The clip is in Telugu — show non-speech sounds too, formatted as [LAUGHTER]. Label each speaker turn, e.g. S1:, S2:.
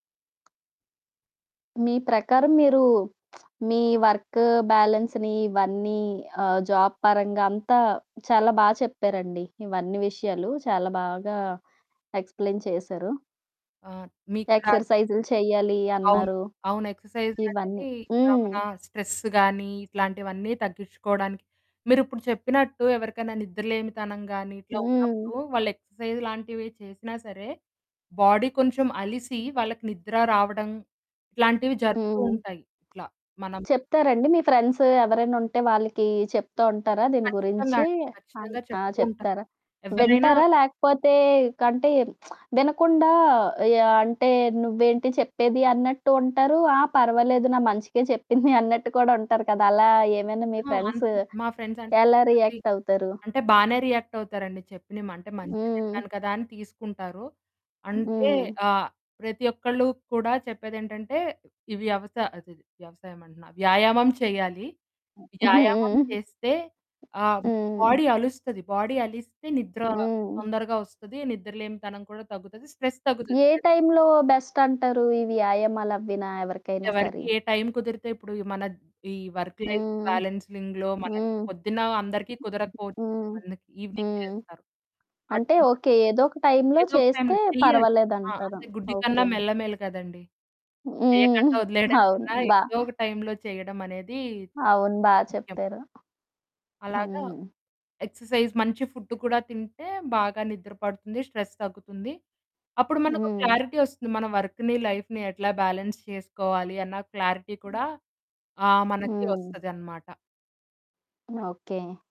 S1: మీ ప్రకారం మీరు [SMACKS LIPS] మీ వర్క్ బాలన్స్‌ని ఇవన్నీ ఆహ్, జాబ్ పరంగా అంతా చాలా బా చెప్పారండి. ఇవన్నీ విషయాలు చాలా బాగా ఎక్స్‌ప్లెయిన్ చేశారు.
S2: ఆ! మీకు కూడా
S1: ఎక్సర్సైజ్‌లు చేయాలి
S2: అవును.
S1: అన్నారు.
S2: అవును. ఎక్సర్సైజ్‌లు
S1: ఇవన్నీ
S2: అనేవి ఆహ్,
S1: హ్మ్.
S2: మన స్ట్రెస్ గాని ఇట్లాంటివన్నీ తగ్గించుకోవడానికి. మీరిప్పుడు చెప్పినట్టు ఎవరికైనా నిద్రలేనితనం గానీ ఇట్లా
S1: హ్మ్.
S2: ఉన్నప్పుడు వాళ్ళు ఎక్సర్సైజ్ లాంటివే చేసినా సరే బాడీ కొంచెం అలిసి వాళ్ళకి నిద్ర రావడం ఇట్లాంటివి జరుగుతూ
S1: హ్మ్.
S2: ఉంటాయి. ఇట్లా మనం
S1: చెప్తారా అండి? మీ ఫ్రెండ్సు ఎవరైనా ఉంటే వాళ్ళకి చెప్తూ ఉంటారా దీని
S2: ఖచ్చితంగా
S1: గురించి?
S2: అండి.
S1: అన్
S2: ఖచ్చితంగా
S1: ఆ!
S2: చెప్తూ ఉంటాను.
S1: చెప్తారా?
S2: ఎవ్వరైనా
S1: వింటారా? లేకపోతే కంటే [SMACKS LIPS] వినకుండా యాహ్, అంటే నువ్వేంటి చెప్పేది? అన్నట్టు ఉంటారు. ఆ! పర్వాలేదు. నా మంచికే చెప్పింది [CHUCKLES] అన్నట్టు కూడా ఉంటారు కదా! అలా ఏమైనా మీ
S2: ఆ!
S1: ఫ్రెండ్సు
S2: అంతే. మా ఫ్రెండ్స్ అంటే
S1: ఎలా
S2: కొంతమంది
S1: రియాక్టవుతారు?
S2: అంటే బానే రియాక్ట్ అవుతారండి. చెప్పిన‌మ అంటే మంచె
S1: హ్మ్.
S2: చెప్పాను కదా అని తీసుకుంటారు. అంటే
S1: హ్మ్.
S2: ఆహ్, ప్రతి ఒక్కళ్ళు కూడా చెప్పేది ఏంటంటే ఇవ్యవసా అదది వ్యవసాయం అంటున్నా. వ్యాయామం చేయాలి.
S1: [CHUCKLES]
S2: వ్యాయామం
S1: హ్మ్.
S2: చేస్తే ఆహ్,
S1: హ్మ్.
S2: బాడీ అలుస్తది బాడీ అలిస్తే నిద్ర
S1: హ్మ్.
S2: తొందరగా వస్తది నిద్రలేనితనం కూడా తగ్గుతది. స్ట్రెస్ తగ్గుతది.
S1: ఏ
S2: స్ట్రెస్
S1: టైమ్‌లో బెస్ట్ అంటారు? ఈ వ్యాయామాలు అవ్వినా ఎవరికైనా
S2: ఎవరికి
S1: స‌రీ?
S2: ఏ టైమ్ కుదిరితే ఇప్పుడు మన ఈ వర్క్ లైఫ్
S1: హ్మ్.
S2: బాలెన్సిలింగ్‌లో మనకి
S1: హ్మ్.
S2: పొద్దున్న అందరికి కుదరకపోవచ్చు.
S1: హ్మ్.
S2: కొంతమంది ఈవెనింగ్
S1: హ్మ్.
S2: చేస్తారు.
S1: అంటే
S2: అట్లా
S1: ఓకే. ఏదో ఒక టైమ్‌లో
S2: ఏదో ఒక
S1: చేస్తే
S2: టైమ్‌లో చెయ్యాలి.
S1: పర్వాలేదు
S2: ఆ!
S1: అంటారు.
S2: అంతే గుడ్డి కన్నా
S1: ఓకే.
S2: మెల్ల మేలు కదండీ!
S1: హ్మ్.
S2: చేయకండా వదిలేయడం
S1: [CHUCKLES] అవును.
S2: కన్నా
S1: బా
S2: ఏదో ఒక టైమ్‌లో చేయడం అనేది
S1: అవును. బా
S2: ముఖ్యం.
S1: చెప్పారు.
S2: అలాగ
S1: హ్మ్.
S2: ఎక్సర్సైజ్ మంచి ఫుడ్డు కూడా తింటే బాగా నిద్ర పడుతుంది. స్ట్రెస్ తగ్గుతుంది. అప్పుడు మనకో
S1: హ్మ్.
S2: క్లారిటీ వస్తుంది. మన వర్క్‌ని, లైఫ్‌ని ఎట్లా బ్యాలెన్స్ చేసుకోవాలి? అన్న క్లారిటీ
S1: హ్మ్.
S2: కూడా ఆహ్, మనకి
S1: హ్మ్.
S2: వస్తది అనమాట.
S1: ఓకే.